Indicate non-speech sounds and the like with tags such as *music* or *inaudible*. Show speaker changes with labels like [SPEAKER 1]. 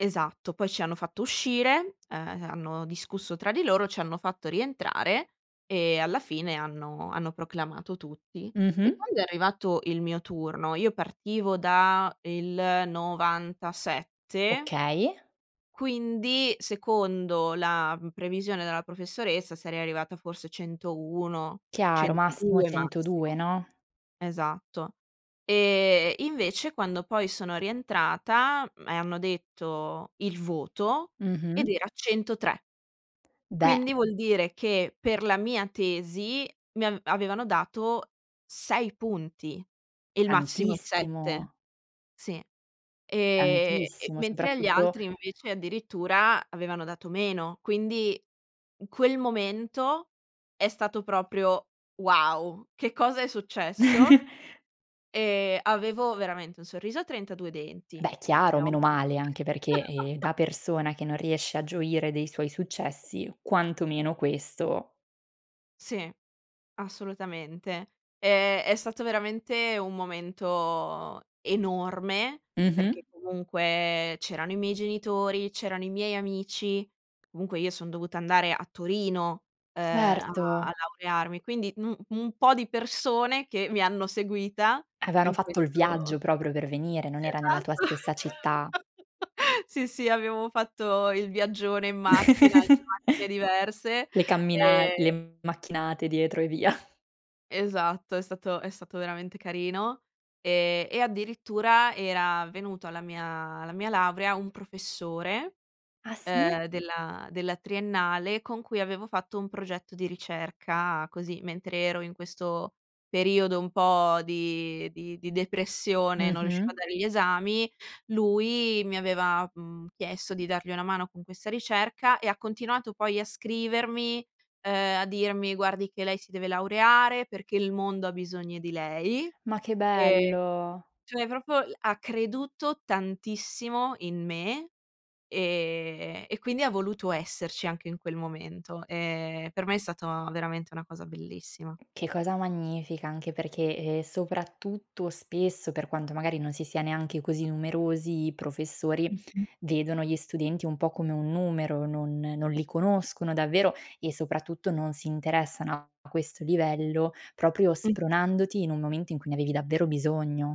[SPEAKER 1] Esatto, poi ci hanno fatto uscire, uhm, hanno discusso tra di loro, ci hanno fatto rientrare e alla fine hanno hanno proclamato tutti. E
[SPEAKER 2] Mh-mh.
[SPEAKER 1] quando è arrivato il mio turno io partivo da il 97
[SPEAKER 2] Okay.
[SPEAKER 1] quindi, secondo la, mhmm, previsione della professoressa, sarei arrivata forse centouno
[SPEAKER 2] Chiaro, massimo
[SPEAKER 1] centodue
[SPEAKER 2] 102,
[SPEAKER 1] massimo.
[SPEAKER 2] no?
[SPEAKER 1] Esatto. E invece, quando poi sono rientrata, mhmm, e hanno detto il voto, ed
[SPEAKER 2] Mh-mh.
[SPEAKER 1] era 103.
[SPEAKER 2] Beh
[SPEAKER 1] Quindi vuol dire che per la mia tesi mi av avevano dato 6 punti, il massimo è 7.
[SPEAKER 2] Tantissimo.
[SPEAKER 1] Sì. Ehm,
[SPEAKER 2] Tantissimo,
[SPEAKER 1] mentre agli
[SPEAKER 2] soprattutto
[SPEAKER 1] altri invece addirittura avevano dato meno, quindi quel momento è stato proprio: "Wow, che cosa è successo?"
[SPEAKER 2] *chuckles*
[SPEAKER 1] E avevo veramente un sorriso a 32 denti.
[SPEAKER 2] Beh, chiaro,
[SPEAKER 1] *unintelligible*
[SPEAKER 2] menomale, anche perché, ehm,
[SPEAKER 1] *laughs*
[SPEAKER 2] da persona che non riesce a gioire dei suoi successi, quantomeno questo
[SPEAKER 1] Sì, assolutamente. Ehm, è stato veramente un momento enorme,
[SPEAKER 2] Mh-mh.
[SPEAKER 1] perché comunque c'erano i miei genitori, c'erano i miei amici, comunque io son dovuta andare a Torino, uhm, a
[SPEAKER 2] Certo.
[SPEAKER 1] laurearmi, quindi un un po' di persone che mi hanno seguita
[SPEAKER 2] Avevano
[SPEAKER 1] in
[SPEAKER 2] fatto il viaggio
[SPEAKER 1] questo
[SPEAKER 2] proprio per venire, non era nella tua
[SPEAKER 1] Esatto,
[SPEAKER 2] stessa città.
[SPEAKER 1] *laughs* sì, sì abbiamo fatto il viaggione in macchina, in 2
[SPEAKER 2] *chuckles*
[SPEAKER 1] macchine diverse
[SPEAKER 2] Le cammina
[SPEAKER 1] ehm
[SPEAKER 2] le macchinate dietro e via.
[SPEAKER 1] Esatto, è stato è stato veramente carino, ehm, e addirittura era venuto alla mia alla mia laurea un professore,
[SPEAKER 2] Ah sì?
[SPEAKER 1] uhm, della della triennale, con cui avevo fatto un progetto di ricerca così, mentre ero in questo periodo un po' di di di depressione, non riuscivo a
[SPEAKER 2] Mh-mh.
[SPEAKER 1] dare gli esami, lui mi aveva, mhmm, chiesto di dargli una mano con questa ricerca, e ha continuato poi a scrivermi, uhm, a dirmi: "Guardi che lei si deve laureare, perché il mondo ha bisogno di lei."
[SPEAKER 2] Ma che
[SPEAKER 1] Ehm,
[SPEAKER 2] bello!
[SPEAKER 1] cioè proprio ha creduto tantissimo in me, ehm, e quindi ha voluto esserci anche in quel momento. Ehm, per me è stata veramente una cosa bellissima.
[SPEAKER 2] Che cosa magnifica, anche perché, ehm, soprattutto spesso, per quanto magari non si sia neanche così numerosi, i professori
[SPEAKER 1] Mh-mh.
[SPEAKER 2] vedono gli studenti un po' come un numero, non non li conoscono davvero e, soprattutto, non si interessano a questo livello proprio
[SPEAKER 1] Mh-mh.
[SPEAKER 2] spronandoti in un momento in cui ne avevi davvero bisogno.